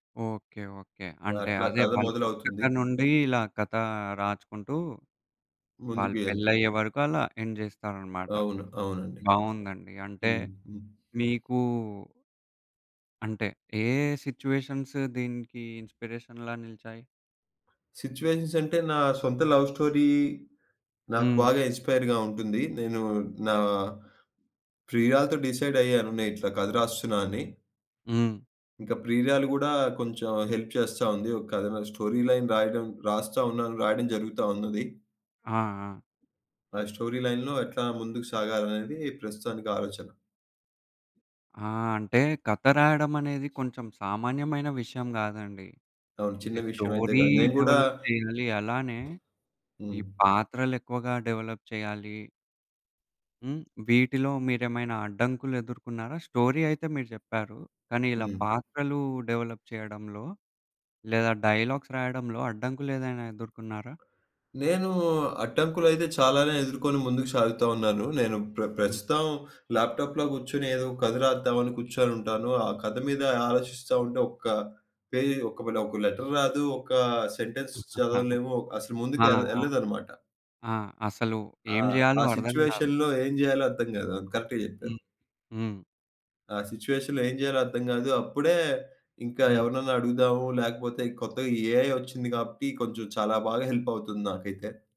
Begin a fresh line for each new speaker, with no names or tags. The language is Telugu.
ఓకే. ఓకే. అంటే
అట్లా
అదే
కథ
వాళ్ళు పుట్టక
మొదలవుతుంది.
నుండి ఇలా కథ రాచుకుంటూ. వాళ్ళు
ముందుకి ఎళ్త్
పెళ్ళయ్యే వరకు అలా ఎండ్ జేస్తారనమాట.
అవును, అవునండి.
బాగుందండి. అంటే
హ్మ్. హ్మ్.
మీకూ అంటే ఏ ఏ సిట్యుయేషన్స్ దీనికి ఇన్స్పిరేషన్ లాగా నిలిచాయి?
సిట్యుయేషన్స్ అంటే, నా సొంత లవ్ స్టోరీ నాకు
హ్మ్.
బాగా ఇన్‌స్పైర్‌గా ఉంటుంది. నేను నా ప్రియురాలుతో డిసైడ్ అయ్యాను. నేను ఇట్లా కథ రాస్తున్నా అని.
హ్మ్.
ఇంకా ప్రియురాలు గూడా కొంచెం హెల్ప్ చేస్తా ఉంది. ఒక కథను స్టోరీ లైన్ రాయడం రాస్తా ఉన్నాను, రాయడం జరుగుతా ఉన్నది.
ఆ! ఆ!
ఆ స్టోరీ లైన్‌లో ఎట్లా ముందుకు సాగాలనేది ప్రస్తుతానికి ఆలోచన.
ఆ! అంటే కథ రాయడం అనేది కొంచెం సామాన్యమైన విషయం గాదండి!
అవును. చిన్న
అంటే
విషయం అయితే
స్టోరీ
కాదు, నేను గూడా
డెవలప్ జెయ్యాలి. అలానే ఈ
హ్మ్.
పాత్రలు ఎక్కువగా డెవలప్ చేయ్యాలి. హ్మ్. వీటిలో మీరేమైనా అడ్డంకులు ఎదుర్కొన్నారా? స్టోరీ అయితే మీరు జెప్పారు. కానీ ఇలా
హ్మ్.
పాత్రలు డెవలప్ చేయడంలో లేదా డైలాగ్స్ రాయడంలో అడ్డంకులేదైనా ఎదుర్కున్నారా?
నేను అడ్డంకులు అయితే చాలానే ఎదుర్కొని ముందుకు సాగుతా ఉన్నాను. నేను ప్ర
హ్మ్.
ప్రస్తుతం ల్యాప్‌టాప్‌‍‌లో గూర్చొని ఏదో కథ రాద్దాం అని కూర్చొని ఉంటాను. ఆ కథ మీద ఆలోచిస్తా ఉంటే ఒక్క పేజీ, ఒకవేళ ఒక లెటర్ రాదు, ఒక సెంటెన్స్
ఆ!
చదవలేము, అసలు
ఆ!
ముందుకేల్ యేళ్ళదన్నమాట.
ఆ! అసలు
ఆ!
ఏం
ఆ
జేయాలో అర్థం గాదు.
సిట్యుయేషన్‌లో ఏం జేయాలో అర్థం గాదు. కరెక్ట్‌గా జెప్పారు.
హ్మ్. హ్మ్.
ఆ సిట్యుయేషన్‌లో ఏం జేయాలో అర్థం గాదు. అప్పుడే ఇంకా
హ్మ్.
ఎవరినైనా అడుగుదాము, లేకపోతే కొత్తగ ఈ ఏఐ ఒచ్చింది గాబట్టి కొంచెం చాలా బాగా హెల్ప్ అవుతుంది నాకైతే.